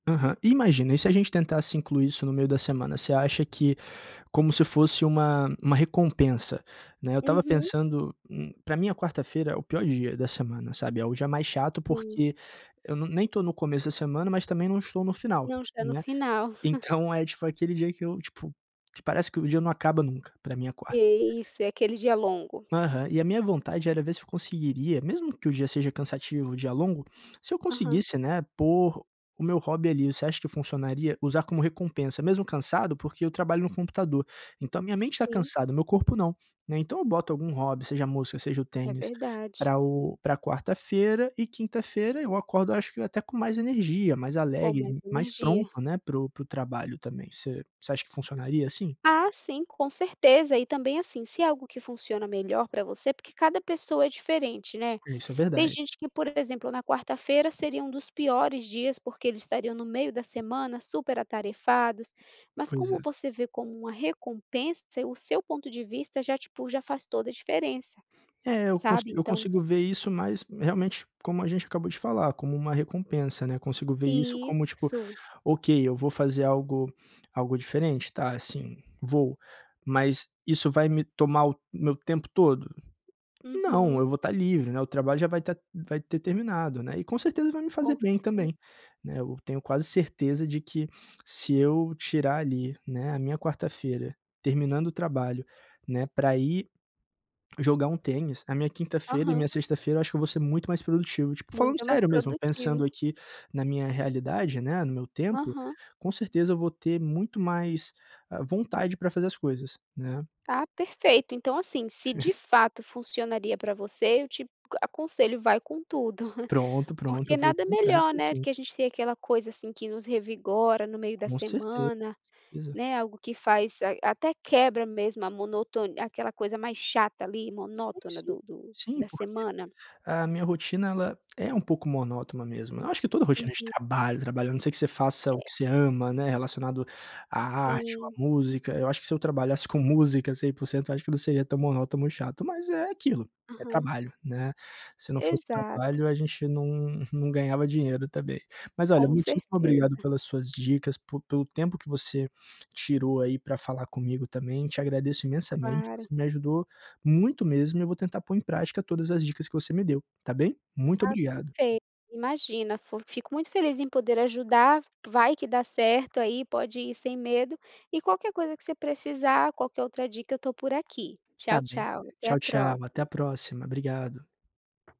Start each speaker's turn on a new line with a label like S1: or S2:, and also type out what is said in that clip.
S1: Aham. Imagina, e se a gente tentasse incluir isso no meio da semana? Você acha que como se fosse uma uma recompensa, né. Eu estava
S2: Uhum.
S1: pensando hum, pra mim a quarta-feira é o pior dia da semana, sabe, é o dia é mais chato
S2: Sim.
S1: porque eu não nem estou no começo da semana, mas também não estou no final,
S2: Não, está no
S1: né.
S2: final.
S1: Então é tipo aquele dia que eu tipo, parece que o dia não acaba nunca, pra mim é a quarta.
S2: E isso, é aquele dia longo.
S1: Aham. E a minha vontade era ver se eu conseguiria, mesmo que o dia seja cansativo, o dia longo, se eu
S2: Aham.
S1: conseguisse, né, pôr o meu hobby ali. Você acha que funcionaria usar como recompensa, mesmo cansado? Porque eu trabalho no computador, então a minha mente está
S2: Sim.
S1: cansada, meu corpo não, né. Então eu boto algum hobby, seja a música ou seja o
S2: É
S1: tênis,
S2: verdade.
S1: pra o pra quarta-feira e quinta-feira eu acordo, acho que, até com mais energia, mais
S2: Com mais
S1: alegre, mais
S2: energia.
S1: pronto, né, para o para o trabalho também. Você você acha que funcionaria assim?
S2: Ah, sim, com certeza. E também, assim, se é algo que funciona melhor pra você porque cada pessoa é diferente, né?
S1: Isso é
S2: Tem
S1: verdade.
S2: gente que, por exemplo, na quarta-feira, seria um dos piores dias porque eles estariam no meio da semana super atarefados. Mas
S1: Pois
S2: como
S1: é.
S2: você vê como uma recompensa, o seu ponto de vista já, tipo, já faz toda a diferença.
S1: É, eu consi
S2: Sabe,
S1: eu
S2: então
S1: consigo ver isso, mas realmente, como a gente acabou de falar, como uma recompensa, né. Consigo ver isso como tipo:
S2: Isso.
S1: "Ok, eu vou fazer algo algo diferente? Tá, sim, vou. Mas isso vai me tomar o meu tempo todo?",
S2: Uhum.
S1: não, vou estar livre, né. O trabalho já vai tá vai ter terminado, né. E com certeza vai me fazer
S2: Com
S1: bem também,
S2: certeza.
S1: né. Eu tenho quase certeza de que, se eu tirar, ali, né, a minha quarta-feira terminando o trabalho, né, pra ir jogar um tênis, a minha quinta-feira e
S2: Aham.
S1: minha sexta-feira, eu acho que eu vou ser muito mais produtivo. Tipo, falando
S2: Muito mais
S1: sério mesmo, pensando
S2: produtivo.
S1: aqui na minha realidade, né, no meu tempo,
S2: Aham.
S1: com certeza eu vou ter muito mais, ah, vontade pra fazer as coisas, né.
S2: Ah, perfeito. Então, assim, se de fato funcionaria pra você, eu te a aconselho: vai com tudo!
S1: Pronto, pronto. Eu
S2: Porque
S1: vou
S2: nada
S1: comprar, acho
S2: melhor,
S1: que
S2: né, do
S1: sim.
S2: que a gente tem aquela coisa, assim, que nos revigora no meio da
S1: Com certeza.
S2: semana,
S1: Pois é.
S2: né, algo que faz a até quebra mesmo a monotoni aquela coisa mais chata ali
S1: Sim,
S2: monótona
S1: sim.
S2: do do
S1: Sim,
S2: da
S1: porque
S2: semana.
S1: a minha rotina, ela é um pouco monótona mesmo. Eu acho que toda rotina de
S2: Uhum.
S1: trabalho, trabalho, a não ser que você faça o que
S2: É.
S1: você ama, né, relacionado à arte ou à
S2: Sim.
S1: música. Eu acho que se eu trabalhasse com música 100%, eu acho que não seria tão monótono ou tão chato. Mas é aquilo, é
S2: Aham.
S1: trabalho, né. Se não fosse
S2: Exato.
S1: trabalho, a gente não não ganhava dinheiro também. Mas olha,
S2: Com
S1: muitíssimo obrigado
S2: certeza.
S1: pelas suas dicas, por pelo tempo que você tirou, aí, pra falar comigo também. Te agradeço imensamente.
S2: Claro.
S1: Você me ajudou muito mesmo e eu vou tentar pôr em prática todas as dicas que você me deu, está bem? Muito
S2: Ah,
S1: obrigado.
S2: perfeito. Imagina fu fico muito feliz em poder ajudar, vai que dá certo aí, pode ir sem medo. E qualquer coisa que você precisar, qualquer outra dica, eu estou por aqui.
S1: Está
S2: Tchau,
S1: bem.
S2: tchau. Até a
S1: Tchau tchau, até a
S2: próxi
S1: próxima. Obrigado.